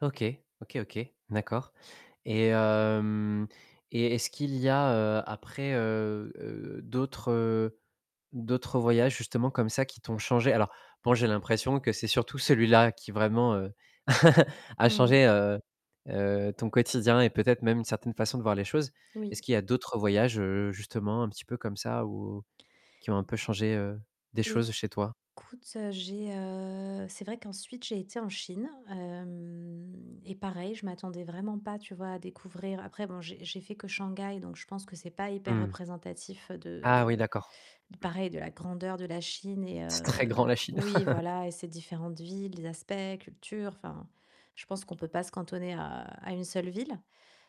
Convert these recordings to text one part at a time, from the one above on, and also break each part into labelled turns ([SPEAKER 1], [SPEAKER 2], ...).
[SPEAKER 1] OK. OK, OK. D'accord et hem et est-ce qu'il y a, heu, après, heu, d'autres, heu, d'autres voyages justement comme ça qui t'ont changé? Alors bon j'ai l'impression que c'est surtout celui-là qui vraiment, heu, a
[SPEAKER 2] Mmh.
[SPEAKER 1] changé, heu heu, ton quotidien et peut-être même une certaine façon de voir les choses.
[SPEAKER 2] Oui.
[SPEAKER 1] Est-ce qu'il y a d'autres voyages, heu, justement un petit peu comme ça ou qui ont
[SPEAKER 2] E
[SPEAKER 1] un peu changé, heu, des
[SPEAKER 2] écoute,
[SPEAKER 1] choses chez toi?
[SPEAKER 2] heu, j'ai heu, c'est vrai qu'ensuite j'ai été en Chine, heu et pareil, je m'attendais vraiment pas, tu vois, à découvrir après bon j'ai j'ai fait que Shanghai, donc je pense que c'est pas hyper
[SPEAKER 1] Mmh.
[SPEAKER 2] représentatif
[SPEAKER 1] Ah oui,
[SPEAKER 2] de
[SPEAKER 1] d'accord.
[SPEAKER 2] pareil de la grandeur de la Chine et
[SPEAKER 1] C'est très
[SPEAKER 2] heu,
[SPEAKER 1] grand la Chine!
[SPEAKER 2] oui, voilà et ses différentes villes, les aspects, cultures, enfin. Je pense qu'on peut pas se cantonner à une seule ville.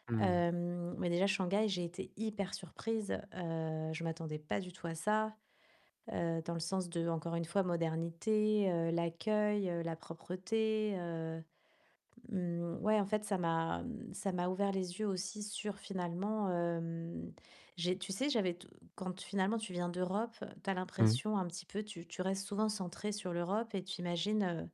[SPEAKER 1] Mmh.
[SPEAKER 2] Heu, mais déjà Shanghai, j'ai été hyper surprise, heu, je m'attendais pas du tout à ça, heu, dans le sens de, encore une fois, modernité, heu, l'accueil, heu, la propreté. Heu, mmh ouais, en fait, ça m'a ça m'a ouvert les yeux aussi sur finalement, hem, j'ai tu sais, j'avais t quand finalement tu viens d'Europe, tu as
[SPEAKER 1] Mmh.
[SPEAKER 2] l'impression un petit peu tu tu restes souvent centrée sur l'Europe et tu imagines, heu,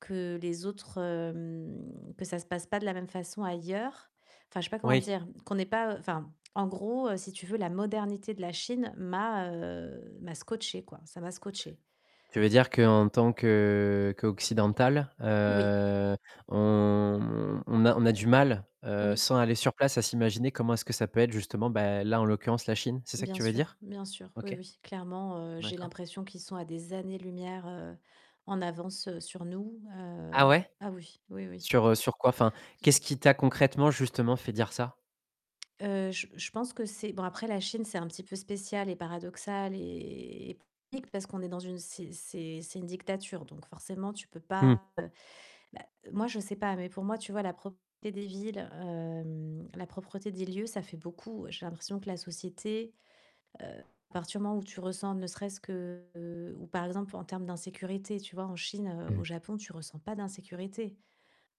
[SPEAKER 2] que les autres hem, que ça se passe pas de la même façon ailleurs. Enfin, je sais pas comment
[SPEAKER 1] Oui.
[SPEAKER 2] dire. Qu'on n'est pas enfin en gros heu, si tu veux, la modernité de la Chine m'a heu, m'a scotché quoi, ça m'a scotché.
[SPEAKER 1] Tu veux dire que en tant que, heu, qu'occidental,
[SPEAKER 2] Oui.
[SPEAKER 1] heu, on on a on a du mal, heu
[SPEAKER 2] Oui.
[SPEAKER 1] sans aller sur place à s'imaginer comment est-ce que ça peut être justement bah là, en l'occurrence la Chine, c'est ça que
[SPEAKER 2] Bien
[SPEAKER 1] tu veux
[SPEAKER 2] sûr,
[SPEAKER 1] dire?
[SPEAKER 2] bien sûr, oui,
[SPEAKER 1] OK.
[SPEAKER 2] oui, clairement, heu, j'ai
[SPEAKER 1] D'accord.
[SPEAKER 2] l'impression qu'ils sont à des années lumières, heu, en avance, heu, sur nous, heu
[SPEAKER 1] Ah ouais?
[SPEAKER 2] ah oui. Oui, oui.
[SPEAKER 1] Sur, heu, sur quoi enfin, qu'est-ce qui t'a concrètement justement fait dire ça?
[SPEAKER 2] Heu, j je pense que c'est bon après la Chine, c'est un petit peu spécial et paradoxal et technique parce qu'on est dans une c'est c'est une dictature, donc forcément, tu peux
[SPEAKER 1] Mmh.
[SPEAKER 2] pas moi, je sais pas, mais pour moi, tu vois la propreté des villes, hem, la propreté des lieux, ça fait beaucoup. J'ai l'impression que la société, heu, à partir du moment où tu ressens, ne serait-ce que, heu ou par exemple en termes d'insécurité, tu vois en Chine, heu, au
[SPEAKER 1] Mmh.
[SPEAKER 2] Japon, tu ressens pas d'insécurité.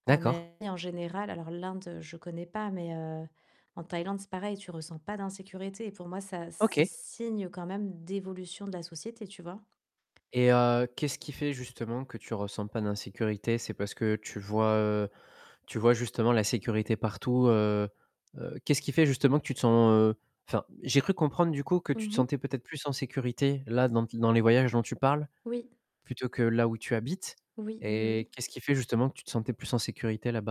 [SPEAKER 2] En
[SPEAKER 1] D'accord.
[SPEAKER 2] Asie en général alors l'Inde, je connais pas, mais heu, en Thaïlande, c'est pareil tu ressens pas d'insécurité et pour moi, ça, c'est
[SPEAKER 1] OK.
[SPEAKER 2] signe quand même d'évolution de la société, tu vois?
[SPEAKER 1] Et heu, qu'est-ce qui fait justement que tu ressens pas d'insécurité c'est parce que tu vois, heu, tu vois justement la sécurité partout, heu heu, qu'est-ce qui fait justement que tu te sens, heu enfin, j'ai cru comprendre du coup que tu te
[SPEAKER 2] Mmh mh.
[SPEAKER 1] sentais peut-être plus en sécurité là dans dans les voyages dont tu parles
[SPEAKER 2] Oui.
[SPEAKER 1] plutôt que là où tu habites
[SPEAKER 2] Oui, oui, oui.
[SPEAKER 1] et qu'est-ce qui fait justement que tu te sentais plus en sécurité là-bas?